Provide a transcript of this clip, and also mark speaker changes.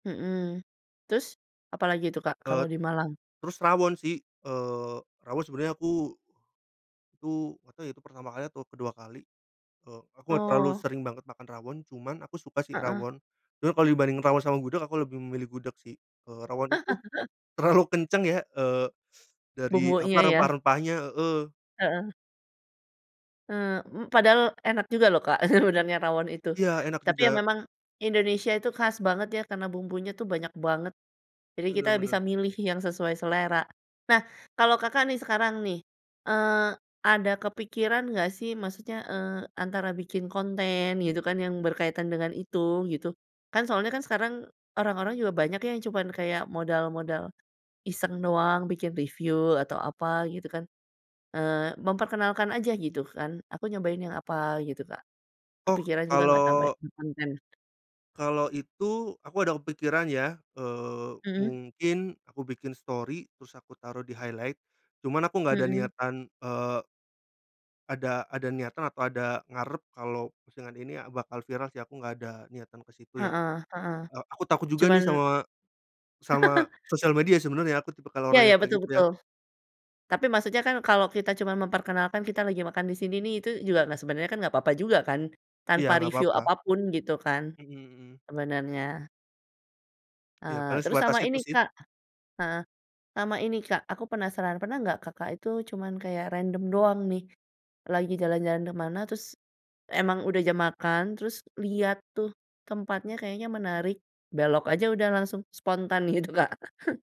Speaker 1: Mhm. Terus, apalagi itu Kak, kalau
Speaker 2: Et
Speaker 1: di Malang?
Speaker 2: terus rawon sih, eee, rawon sebenernya aku itu gak tau ya, itu pertama kali atau kedua kali, eee, aku nggak terlalu
Speaker 1: Oh.
Speaker 2: sering banget makan rawon cuman aku suka sih
Speaker 1: Heeh.
Speaker 2: rawon. Cuma kalau dibanding rawon sama gudeg aku lebih memilih gudeg sih, eee, rawon itu, terlalu kenceng ya, eee, dari apa,
Speaker 1: Bumbunya ya.
Speaker 2: rempah-rempahnya, heeh.
Speaker 1: Heeh. Eee, m padahal enak juga loh Kak, sebenarnya rawon itu.
Speaker 2: Iya, enak
Speaker 1: Tapi ya
Speaker 2: juga.
Speaker 1: memang, Indonesia itu khas banget ya karena bumbunya tuh banyak banget. Jadi kita
Speaker 2: Bener
Speaker 1: bisa
Speaker 2: bener.
Speaker 1: milih yang sesuai selera. Nah kalau Kakak nih sekarang nih, eee, ada kepikiran nggak sih? Maksudnya, eee, antara bikin konten gitu kan yang berkaitan dengan itu gitu. Kan soalnya kan sekarang, orang-orang juga banyak yang cuma kayak modal modal, iseng doang bikin review atau apa gitu kan, eee, memperkenalkan aja gitu kan, “Aku nyobain yang apa,” gitu, Kak.
Speaker 2: Oh,
Speaker 1: Kepikiran juga nggak sampai
Speaker 2: kalau
Speaker 1: bikin konten?
Speaker 2: kalau itu aku ada kepikiran ya, eee,
Speaker 1: Mhm.
Speaker 2: mungkin aku bikin story terus aku taruh di highlight. Cuman aku nggak ada
Speaker 1: Mhm.
Speaker 2: niatan, eee ada ada niatan atau ada ngarep kalau postingan ini, ah, bakal viral sih aku nggak ada niatan ke situ ya.
Speaker 1: Heeh heeh.
Speaker 2: Eee, aku takut juga nih
Speaker 1: Cuman
Speaker 2: sama, sama sosial media sebenarnya aku tipikal
Speaker 1: Ya
Speaker 2: orang
Speaker 1: ya,
Speaker 2: yang kayak
Speaker 1: betul
Speaker 2: gitu ya.
Speaker 1: betul. Tapi maksudnya kan kalau kita cuma memperkenalkan kita lagi makan disini nih itu juga nggak sebenernya kan nggak apa-apa juga kan,
Speaker 2: Iya
Speaker 1: tanpa
Speaker 2: nggak
Speaker 1: review
Speaker 2: papa.
Speaker 1: apa pun gitu kan,
Speaker 2: Mhm mhm.
Speaker 1: sebenernya.
Speaker 2: Iya
Speaker 1: Eee,
Speaker 2: paling
Speaker 1: terus
Speaker 2: sebatas
Speaker 1: sama
Speaker 2: itu
Speaker 1: ini
Speaker 2: sih.
Speaker 1: Kak. Heeh, sama ini Kak aku penasaran pernah nggak Kakak itu cuman kayak random doang nih, lagi jalan-jalan kemana terus, emang udah jam makan terus liat tuh tempatnya kayaknya menarik, belok aja udah langsung spontan gitu, Kak.